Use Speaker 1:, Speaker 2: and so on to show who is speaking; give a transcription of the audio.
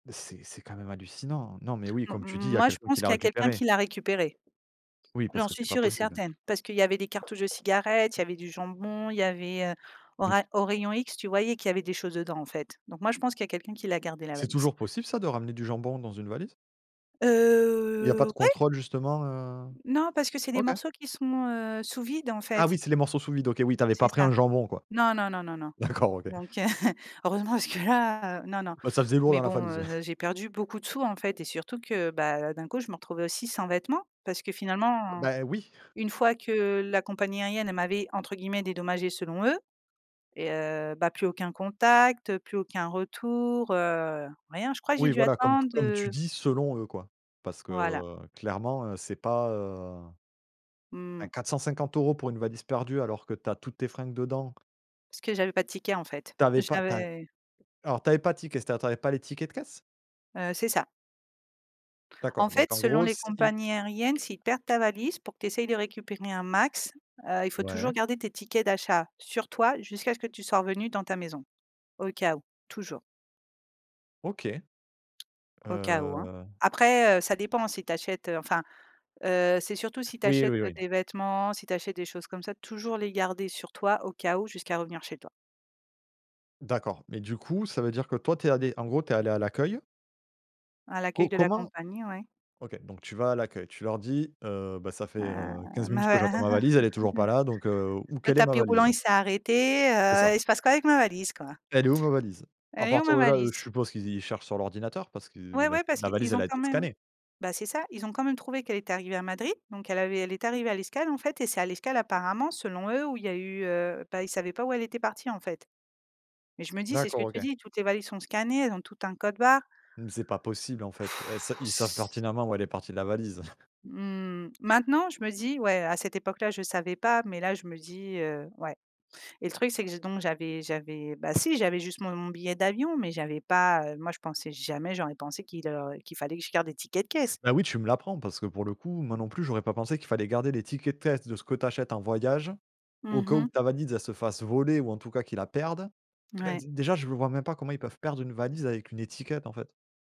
Speaker 1: C'est c'est quand même hallucinant. Non, mais oui,
Speaker 2: M
Speaker 1: comme
Speaker 2: m m
Speaker 1: tu dis, il y a
Speaker 2: moi je
Speaker 1: quelqu'un qui
Speaker 2: pense
Speaker 1: l'a
Speaker 2: qu'il y a quelqu'un
Speaker 1: récupérée.
Speaker 2: qui l'a récupérée.
Speaker 1: Oui, parce
Speaker 2: J'en
Speaker 1: que
Speaker 2: suis
Speaker 1: c'est pas
Speaker 2: sûre et
Speaker 1: possible.
Speaker 2: certaine, parce qu'il y avait des cartouches de cigarettes, il y avait du jambon, il y avait, heu, au
Speaker 1: Bien s
Speaker 2: ray au rayon X, tu voyais qu'il y avait des choses dedans, en fait. Donc moi, je pense qu'il y a quelqu'un qui l'a gardée la
Speaker 1: C'est
Speaker 2: valise.
Speaker 1: toujours possible ça, de ramener du jambon dans une valise? Il y pas de
Speaker 2: Heu, ouais.
Speaker 1: contrôle, justement, heu?
Speaker 2: Non, parce que c'est des
Speaker 1: OK.
Speaker 2: morceaux qui sont, heu, sous vide, en
Speaker 1: Ah
Speaker 2: fait.
Speaker 1: oui, c'est les morceaux sous vide, OK, oui, tu avais
Speaker 2: C'est
Speaker 1: pas pris
Speaker 2: ça.
Speaker 1: un jambon quoi?
Speaker 2: Non, non, non, non, non.
Speaker 1: D'accord OK.
Speaker 2: Donc, heu, heureusement parce que là, heu, non, non.
Speaker 1: Bah, ça faisait lourd
Speaker 2: Mais
Speaker 1: dans la
Speaker 2: bon,
Speaker 1: valise, ouais.
Speaker 2: heu, j'ai perdu beaucoup de sous, en fait, et surtout que, bah, d'un coup, je me retrouvais aussi sans vêtement, parce que finalement,
Speaker 1: Bah oui.
Speaker 2: une fois que, la compagnie aérienne, elle m'avait, entre guillemets, «dédommagée», selon eux. Et heu, bah plus aucun contact, plus aucun retour, heu, rien, je crois que j'ai
Speaker 1: Oui,
Speaker 2: dû
Speaker 1: voilà, comme t
Speaker 2: attende
Speaker 1: comme tu
Speaker 2: heu
Speaker 1: dis: «Selon eux», quoi. Parce que,
Speaker 2: Voilà.
Speaker 1: heu clairement, heu, c'est pas heu bah
Speaker 2: Mmh.
Speaker 1: 450 € pour une valise perdue, alors que tu as toutes tes fringues dedans.
Speaker 2: Parce que j'avais pas de ticket, en fait,
Speaker 1: Tu avais pas tu as
Speaker 2: j'avais
Speaker 1: alors tu avais pas de ticket, c'est à dire, tu avais pas les tickets de caisse?
Speaker 2: Heu, c'est ça. En
Speaker 1: D'accord,
Speaker 2: fait,
Speaker 1: donc en
Speaker 2: selon
Speaker 1: gros,
Speaker 2: les
Speaker 1: c'est i
Speaker 2: compagnies aériennes, s'ils perdent ta valise, pour que tu essayes de récupérer un max, heu, il faut toujours
Speaker 1: Ouais.
Speaker 2: garder tes tickets d'achat sur toi, jusqu'à ce que tu sois revenue dans ta maison, au cas où, toujours
Speaker 1: OK.
Speaker 2: au cas où, hein.
Speaker 1: Heu
Speaker 2: Après, heu, ça dépend si tu achètes, heu, enfin, heu, c'est surtout si tu
Speaker 1: Oui,
Speaker 2: achètes,
Speaker 1: oui,
Speaker 2: heu
Speaker 1: oui.
Speaker 2: des vêtements, si tu achètes des choses comme ça, toujours les garder sur toi, au cas où, jusqu'à revenir chez toi.
Speaker 1: D'accord, mais du coup, ça veut dire, que toi, tu es allée, en gros, tu es allée à l'accueil?
Speaker 2: À
Speaker 1: Co
Speaker 2: l'accueil de la
Speaker 1: comment
Speaker 2: compagnie, ouais.
Speaker 1: OK, donc tu vas à l'accueil, tu leur dis, heu: «Bah ça fait, heu,
Speaker 2: Heu,
Speaker 1: 15 minutes que j'attends ma valise, elle est toujours pas là, donc, heu, où
Speaker 2: le
Speaker 1: quelle est ma
Speaker 2: tapis roulant
Speaker 1: valise?»
Speaker 2: il s'est arrêté,
Speaker 1: C'est ça.
Speaker 2: heu, il se passe quoi avec ma valise, quoi?
Speaker 1: «Elle est où ma valise?» à
Speaker 2: Elle est où
Speaker 1: partir
Speaker 2: ma
Speaker 1: de là, heu, je
Speaker 2: valise?
Speaker 1: suppose qu'ils cherchent sur l'ordinateur, parce qu'ils
Speaker 2: Ouais,
Speaker 1: la
Speaker 2: ouais, parce
Speaker 1: la valise
Speaker 2: qu'ils
Speaker 1: elle
Speaker 2: ont
Speaker 1: a
Speaker 2: quand
Speaker 1: été
Speaker 2: même
Speaker 1: scannée.
Speaker 2: bah, c'est ça, ils ont quand même trouvé qu'elle était arrivée à Madrid, donc elle avait elle est arrivée à l'escale, en fait et c'est à l'escale, apparemment, selon eux, où il y a eu, heu, bah, ils savaient pas où elle était partie, en fait. Mais je me dis c'est ce
Speaker 1: D'accord
Speaker 2: que tu
Speaker 1: OK.
Speaker 2: dis, toutes les valises sont scannées, elles ont toutes un code barre.
Speaker 1: Mmh, c'est pas possible en fait, heu, è s ils savent pertinemment où elle est partie la valise.
Speaker 2: Mmh, maintenant je me dis: «Ouais», à cette époque-là je savais pas, mais là je me dis, heu: «Ouais» et le truc, c'est que j'ai donc j'avais j'avais bah, si, j'avais juste mon mon billet d'avion, mais j'avais pas, heu, moi, je pensais jamais j'aurais pensé qu'il, heu, qu'il fallait que je garde des tickets de caisse.
Speaker 1: Bah, oui, tu me l'apprends, parce que, pour le coup, moi non plus j'aurais pas pensé qu'il fallait garder les tickets de caisse de ce que tu achètes en voyage. Au
Speaker 2: Mmh
Speaker 1: cas où,
Speaker 2: mh.
Speaker 1: ta valise elle se fasse voler ou en tout cas qu'ils la perdent. Tout cas
Speaker 2: Ouais.
Speaker 1: déjà, je vois même pas comment ils peuvent perdre une valise avec une étiquette, en fait?